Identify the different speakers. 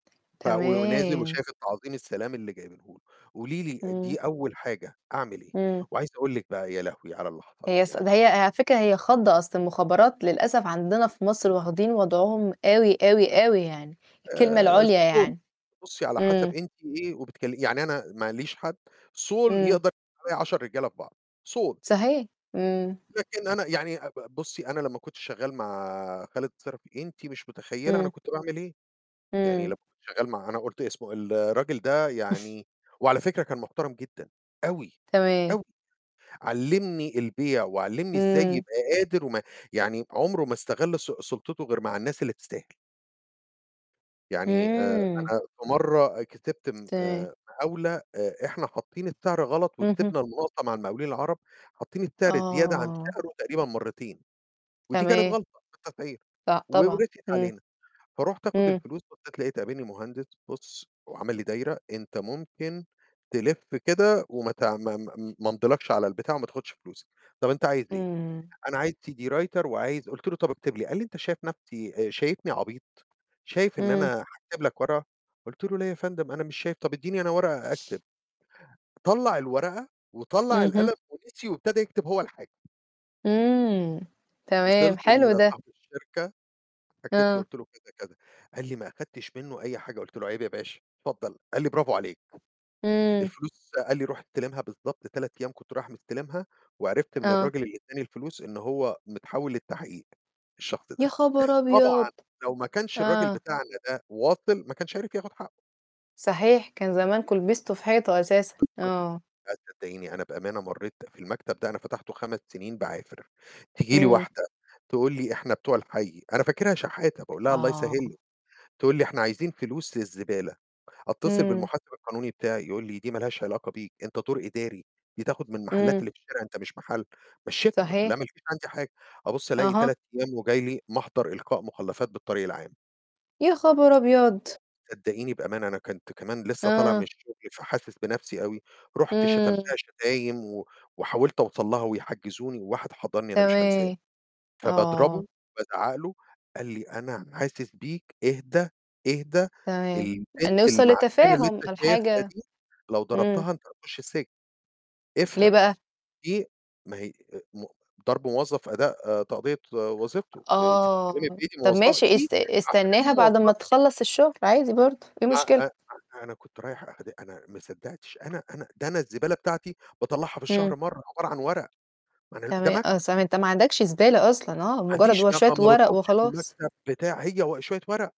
Speaker 1: ف و ونازل
Speaker 2: تمام.
Speaker 1: وشايف التعظيم السلام اللي جايبنُه له. قولي لي
Speaker 2: امم.
Speaker 1: دي أول حاجة أعمل إيه؟
Speaker 2: امم.
Speaker 1: وعايز أقول لِك بقى يا لهوي على اللي حصل
Speaker 2: هي
Speaker 1: لي
Speaker 2: ص ده
Speaker 1: يعني
Speaker 2: هي على فكرة هي خضّة، أصل المخابرات للأسف عندنا في مصر واخدين وضعهم أوي، أوي، أوي يعني، الكلمة
Speaker 1: آآ
Speaker 2: العُليا
Speaker 1: الصول.
Speaker 2: يعني.
Speaker 1: بُصي على حسب
Speaker 2: إمم.
Speaker 1: أنتِ إيه وبتكل يعني أنا ماليش حد. الصول
Speaker 2: امم.
Speaker 1: يقدر يعمل عليّا 10 رجالة في بعض، صول.
Speaker 2: صحيح، إمم.
Speaker 1: لكن أنا يعني أ بُ بُصي أنا لما كنت شغال مع خالد صِرَفي، أنتِ مش متخيلة أنا
Speaker 2: امم.
Speaker 1: كنت باعمل إيه. يعني
Speaker 2: امم.
Speaker 1: لمّا كنت شغال مع أنا قُلت اسمه ال الراجل ده يعني وعلى فكرة كان محترم جدًا، أوي،
Speaker 2: تمام.
Speaker 1: أوي. علِّمني البيع وعلِّمني إزاي
Speaker 2: امم.
Speaker 1: يبقى قادر وما يعني عُمرُه ما استغل سُ سُلطتُه غير مع الناس اللي تستاهل. يعني آآ
Speaker 2: آمم.
Speaker 1: أنا في مَرَة كتبت م
Speaker 2: تمام.
Speaker 1: آآ مقاولة، آآ، إحنا حاطين السعر غلط
Speaker 2: اهم.
Speaker 1: وكسبنا المناقصة مع المقاولين العرب حاطين السعر زيادة عن
Speaker 2: آه.
Speaker 1: سعره تقريبًا مرتين، ودي كانت
Speaker 2: تمام.
Speaker 1: غلطة في التسعير
Speaker 2: لأ
Speaker 1: و
Speaker 2: طبعًا.
Speaker 1: ورسيت
Speaker 2: امم،
Speaker 1: علينا. فرُحت آخد
Speaker 2: إمم.
Speaker 1: الفلوس، بصّيت لقيت قابلني مهندس: "بُص" وعمل لي دايرة: "أنت ممكن تلف كده وم تعم ما امضيلكش على البتاع وما تاخدش فلوس"، "طب أنت عايز إيه؟"،
Speaker 2: امم.
Speaker 1: "أنا عايز CD writer وعايز"، قُلت له: "طَب اكتب لي"، قال لي: "أنت شايف نَفْسي آآ شايفني عبيط؟ شايف إن
Speaker 2: امم.
Speaker 1: أنا هاكتب لك ورقة؟"، قُلت له: "لا يا فندم؟ أنا مش شايف. طَب اديني أنا ورقة أكتب". طلَّع الورقة وطلَّع
Speaker 2: اهم.
Speaker 1: القلم ونسي وابتدى يكتب هو الحاجة.
Speaker 2: آمم، تمام.
Speaker 1: وصلت
Speaker 2: حلو ده.
Speaker 1: لصاحب الشركة، حكيت له،
Speaker 2: آه.
Speaker 1: قُلت له كذا، كذا. قال لي: "ما أخدتش منه أي حاجة"، قلت له: "عيب يا باشا، اتفضل"، قال لي: "bravo عليك،
Speaker 2: امم.
Speaker 1: الفلوس" قال لي: "روح استلمها." بالضبط 3 أيام كنت رايح مستلمها، وعرفت من
Speaker 2: آه.
Speaker 1: الراجل اللي إداني الفلوس إن هو متحول للتحقيق، الشخص ده.
Speaker 2: يا خبر أبيض!
Speaker 1: طبعًا لو ما كانش الراجل
Speaker 2: آه.
Speaker 1: بتاعنا ده واصل ما كانش عرف ياخد حقه.
Speaker 2: صحيح، كان زمانكم لبستوا في حيطة أساسًا، آه.
Speaker 1: بالضبط، أ صدقيني أنا بأمانة مرّيت في المكتب ده، أنا فتَحتُه 5 سنين باعافر. تيجي لي
Speaker 2: امم.
Speaker 1: واحدة تقول لي: "إحنا بتوع الحي."، أنا فاكرها شحاتة، باقول لها: "الله
Speaker 2: آه.
Speaker 1: يسهلِك." تقول لي: "إحنا عايزين فلوس للزبالة." أتصل
Speaker 2: امم.
Speaker 1: بالمحاسب القانوني بتاعي، يقول لي: "دي ما لهاش علاقة بيك، أنت دور إداري، دي تاخد من محلات
Speaker 2: امم.
Speaker 1: اللي في الشارع، أنت مش محل." مشيتها، قُلت لها:
Speaker 2: صحيح.
Speaker 1: "ما لكيش عندي حاجة." أبُص ألاقي
Speaker 2: أها.
Speaker 1: 3 أيام وجاي لي محضر إلقاء مخلفات بالطريق العام.
Speaker 2: يا خبر أبيض!
Speaker 1: [unintelligible] صدقيني بأمانة أنا كنت كمان لسه طالع من
Speaker 2: آه.
Speaker 1: الشغل، فحاسس بنَفْسي أوي. رُحت
Speaker 2: امم.
Speaker 1: شتمتها شتايم و وحاولت أوصَل لها، ويحجّزوني، وواحد حَضَنّي، أنا مش هانساه،
Speaker 2: تمام. آه.
Speaker 1: فباضربه، بازعَّق له، قال لي: "أنا حاسس بيك، اهدا، اهدا.
Speaker 2: تمام.
Speaker 1: البنت
Speaker 2: نوصل
Speaker 1: المعفنة اللي
Speaker 2: لتفاهم على
Speaker 1: أنت شايفها
Speaker 2: الحاجة
Speaker 1: دي لو
Speaker 2: امم.
Speaker 1: ضربتها أنت هتخُش السجن.
Speaker 2: ليه
Speaker 1: افهم."،
Speaker 2: بقى؟
Speaker 1: دي ما هي أ مُ ضَرب موظف أداء تأدية وظيفته. أنتِ بتتكلّمي
Speaker 2: آه.
Speaker 1: في إيه دي
Speaker 2: طَب
Speaker 1: موظفة.
Speaker 2: ماشي
Speaker 1: دي!
Speaker 2: است
Speaker 1: المعفنة دي
Speaker 2: استناها بعد ما
Speaker 1: موظفة.
Speaker 2: تخلّص الشغل، عادي برضو، إيه المشكلة؟
Speaker 1: فأ أ أنا كنت رايح آخد أنا ما صدَّقتش. أنا أنا، ده أنا الزبالة بتاعتي باطلعها في
Speaker 2: امم.
Speaker 1: الشهر مَرة، عبارة عن ورق. ما أنا ال ده
Speaker 2: تمام.
Speaker 1: مكتب.
Speaker 2: أصلًا أنت ما عَندكش زبالة أصلًا، آه؟
Speaker 1: ما
Speaker 2: مجرد
Speaker 1: عنديش،
Speaker 2: و
Speaker 1: ما
Speaker 2: شوية
Speaker 1: ما ما
Speaker 2: ورق
Speaker 1: باطبخش في
Speaker 2: وخلاص.
Speaker 1: المكتب بتاع هي و شوية ورق.